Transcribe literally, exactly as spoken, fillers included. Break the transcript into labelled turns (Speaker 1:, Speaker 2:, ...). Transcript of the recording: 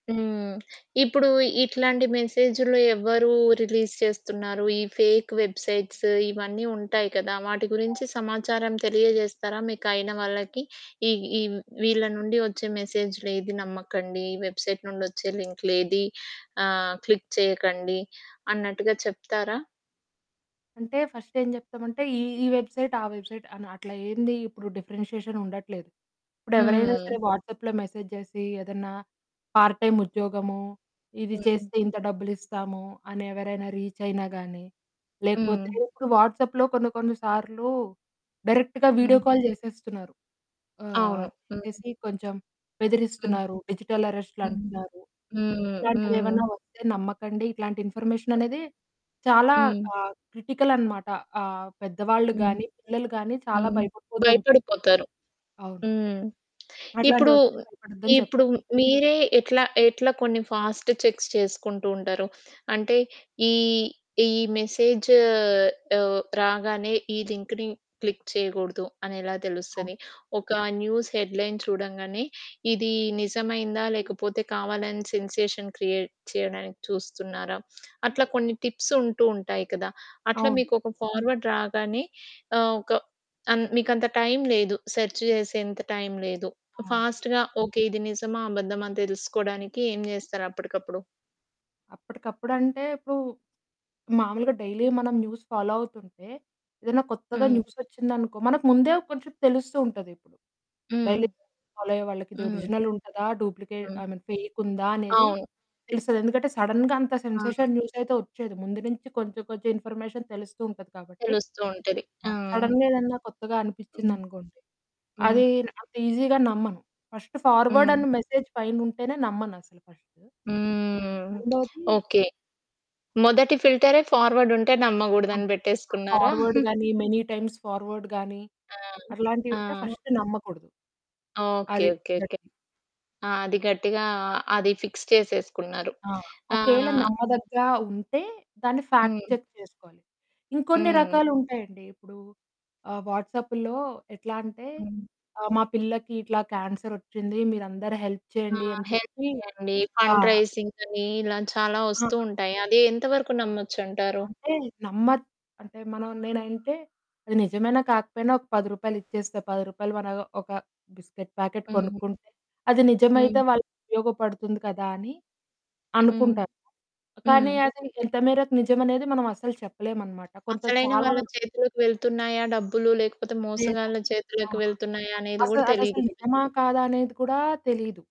Speaker 1: హ్మ్. ఇప్పుడు ఇట్లాంటి మెసేజుల్లో ఎవరు రిలీజ్ చేస్తున్నారు? ఈ ఫేకు వెబ్‌సైట్సు ఇవన్నీ ఉంటాయి కదా! వాటి గురించి సమాచారం తెలియజేస్తారా? మీకయిన వాళ్ళకి ఈ, ఈ వీళ్ళ నుండి ఒచ్చే మెసేజులేది నమ్మకండి. ఈ వెబ్‌సైట్ నుండి వచ్చే లింకులేది ఆహ్, క్లిక్ చేయకండి, అన్నట్టుగా చెప్తారా?
Speaker 2: అంటే ఫస్ట్ ఏం చెప్తామంటే ఈ ఈ వెబ్‌సైట్ ఆ వెబ్‌సైట్ అని అట్లా ఏందిప్పుడు డిఫరెన్షియేషన్ ఉండట్లేదు. ఇప్పుడు ఎవరైనా
Speaker 1: హ్మ్.
Speaker 2: సరే వాట్సాప్‌లో మెసేజ్ చేసి ఏదన్నా పార్ట్ టైమ్ ఉద్యోగము ఇది
Speaker 1: హ్మ్.
Speaker 2: చేస్తే ఇంత డబ్బులిస్తాము అని ఎవరైనా రీచ్ అయినా గానీ, లేకపోతే
Speaker 1: హ్మ్.
Speaker 2: ఇప్పుడు వాట్సాప్‌లో కొన్ని కొన్ని సార్లు డైరెక్ట్‌గా వీడియో
Speaker 1: హ్మ్.
Speaker 2: కాల్ చేసేస్తున్నారు. ఆహ్,
Speaker 1: అవును. హ్మ్.
Speaker 2: చేసేసి కొంచెం
Speaker 1: హ్మ్.
Speaker 2: బెదిరిస్తున్నారు, డిజిటల్
Speaker 1: హ్మ్.
Speaker 2: అరెస్ట్‌లంటున్నారు,
Speaker 1: హ్మ్ హ్మ్.
Speaker 2: ఇట్లాంటివేమైనా వస్తే నమ్మకండి. ఇట్లాంటి ఇన్ఫర్మేషన్ అనేది చాలా
Speaker 1: హ్మ్.
Speaker 2: ఆహ్, క్రిటికల్ అన్నమాట. ఆహ్, పెద్దవాళ్ళు
Speaker 1: హ్మ్.
Speaker 2: గాని, పిల్లలు గాని చాలా
Speaker 1: హ్మ్.
Speaker 2: భయపడిపోతుం
Speaker 1: భయపడిపోతారు.
Speaker 2: అవును.
Speaker 1: హ్మ్. ఇప్పుడు,
Speaker 2: అట్లాంటివొస్తే భయపడద్దని చెప్పు.
Speaker 1: ఇప్పుడు మీరే ఎట్లా, ఎట్లా కొన్ని ఫాస్ట్ చెక్స్ చేసుకుంటూ ఉంటారు? అంటే ఈ, ఈ మెసేజు ఆహ్, రాగానే ఈ లింకుని క్లిక్ చేయకూడదు అనెలా
Speaker 2: అవు
Speaker 1: తెలుస్తది? ఒక న్యూస్ హెడ్‌లైన్ చూడంగానే ఇది నిజమయిందా? లేదా లేకపోతే కావాలి అని సెన్సేషన్ క్రియేట్ చేయడానికి చూస్తున్నారా? అట్లా కొన్ని టిప్స్ ఉంటూ ఉంటాయి కదా! అట్లా
Speaker 2: అవును.
Speaker 1: మీకు ఒక ఫార్వర్డ్ రాగానే ఆహ్, ఒక ఆన్ మీకంత టైం లేదు. సెర్చ్ చేసేంత టైం లేదు.
Speaker 2: అవును.
Speaker 1: ఫాస్ట్‌గా ఓకే. ఇది నిజమా? అబద్ధమా? తెలుసుకోవడానికి ఏమి చేస్తారు అప్పటికప్పుడు?
Speaker 2: అప్పటికప్పుడంటే ఇప్పుడు, మామూలుగా డైలీ మనం న్యూస్ ఫాలో అవుతుంటే, ఏదైనా కొత్తగా
Speaker 1: హ్మ్.
Speaker 2: న్యూసొచ్చిందనుకో మనకు ముందే కొంచెం తెలుస్తు ఉంటది ఇప్పుడు. డైలీ
Speaker 1: హ్మ్.
Speaker 2: ఫాలో అయ్యే వాళ్ళకి ఇది
Speaker 1: హ్మ్.
Speaker 2: ఒరిజినల్ ఉంటదా? డూప్లికేట్
Speaker 1: హ్మ్.
Speaker 2: ఐ మీన్ ఫేక్ ఉందా? అనేది
Speaker 1: అవును.
Speaker 2: తెలుస్తది. ఎందుకంటే సడెన్‌గా అంత
Speaker 1: ఆ!
Speaker 2: సెన్సేషన్ న్యూసయితే ఒచ్చేయదు. ముందు నుంచి కొంచెం కొంచెం ఇన్ఫర్మేషన్ తెలుస్తూ ఉంటది కాబట్టి
Speaker 1: తెలుస్తూ ఉంటది. ఆ!
Speaker 2: ఆహ్, సడెన్‌గా ఏదన్న కొత్తగా
Speaker 1: హ్మ్.
Speaker 2: అనిపిచ్చిందనుకోండి,
Speaker 1: హ్మ్.
Speaker 2: అది అంత ఈజీగా నమ్మను. ఫస్టు ఫార్వర్డ్
Speaker 1: హ్మ్.
Speaker 2: అనే మెసేజ్ పైనుంటేనే నమ్మనసలు ఫస్టు.
Speaker 1: హ్మ్.
Speaker 2: రెండోది
Speaker 1: ఓకే. మొదటి ఫిల్టరే ఫార్వర్డ్ ఉంటే
Speaker 2: ఆహ్,
Speaker 1: నమ్మకూడదని పెట్టేసుకున్నారా?
Speaker 2: ఫార్వర్డ్ గాని మెనీ టైమ్స్ ఫార్వర్డ్ గాని
Speaker 1: ఆ!
Speaker 2: అట్లాంటివుంటే
Speaker 1: ఆ!
Speaker 2: ఫస్టు నమ్మకూడదు.
Speaker 1: ఓకే.
Speaker 2: అది
Speaker 1: ఓకే. ఓకే.
Speaker 2: మొదటిది.
Speaker 1: ఆ! అది గట్టిగా అ అది ఫిక్స్ చేసేసుకున్నారు.
Speaker 2: ఆ! ఒకేళ
Speaker 1: ఆహ్
Speaker 2: నమ్మదగ్గ ఉంటే దాన్ని ఫాక్ట్
Speaker 1: హ్మ్.
Speaker 2: చెక్ చేసుకోవాలి. ఇంకొన్ని
Speaker 1: హ్మ్.
Speaker 2: రకాలుంటాయండి. ఇప్పుడు ఆహ్, వాట్సాప్పులో ఎట్లా అంటే
Speaker 1: హ్మ్.
Speaker 2: ఆహ్, మా పిల్లకి ఇట్లా క్యాన్సరొచ్చింది మీరందరూ హెల్ప్
Speaker 1: ఆ!
Speaker 2: చేయండి అని
Speaker 1: హెల్త్
Speaker 2: చెప్పి
Speaker 1: చేయండి.
Speaker 2: ఆ!
Speaker 1: ఫండ్ రైజింగని ఇలా చాలా
Speaker 2: ఆ!
Speaker 1: వస్తూ ఉంటాయి, అది ఎంత వరకు నమ్మొచ్చంటారు?
Speaker 2: అంటే నమ్మ అంటే మనం నేనంటే అది నిజమైనా కాకపోయినా ఒక పది రూపాయలు ఇచ్చేస్తే, పది రూపాయలు మనం ఒక బిస్కెట్ ప్యాకెట్
Speaker 1: హ్మ్.
Speaker 2: కొనుక్కుంటే. అది నిజమైతే
Speaker 1: హ్మ్.
Speaker 2: వాళ్ళకి ఉపయోగపడుతుంది కదా! అని
Speaker 1: హ్మ్.
Speaker 2: అనుకుంటారు.
Speaker 1: హ్మ్.
Speaker 2: కానీ అది ఎంత మేరకు నిజమనేది మనం అస్సలు చెప్పలేమనమాట కొంత
Speaker 1: అసలైన
Speaker 2: చాలా
Speaker 1: వాళ్ళ
Speaker 2: వరకు
Speaker 1: చేతులోకి వెళ్తున్నాయా డబ్బులు? లేకపోతే
Speaker 2: లేదా,
Speaker 1: మోసగాళ్ళ చేతులోకి
Speaker 2: ఆహ్,
Speaker 1: వెళ్తున్నాయా అనేది
Speaker 2: అసలది
Speaker 1: గూడా
Speaker 2: అదసలు
Speaker 1: తెలీదు కదా?
Speaker 2: నిజమా? కాదా? అనేది కూడా తెలీదు.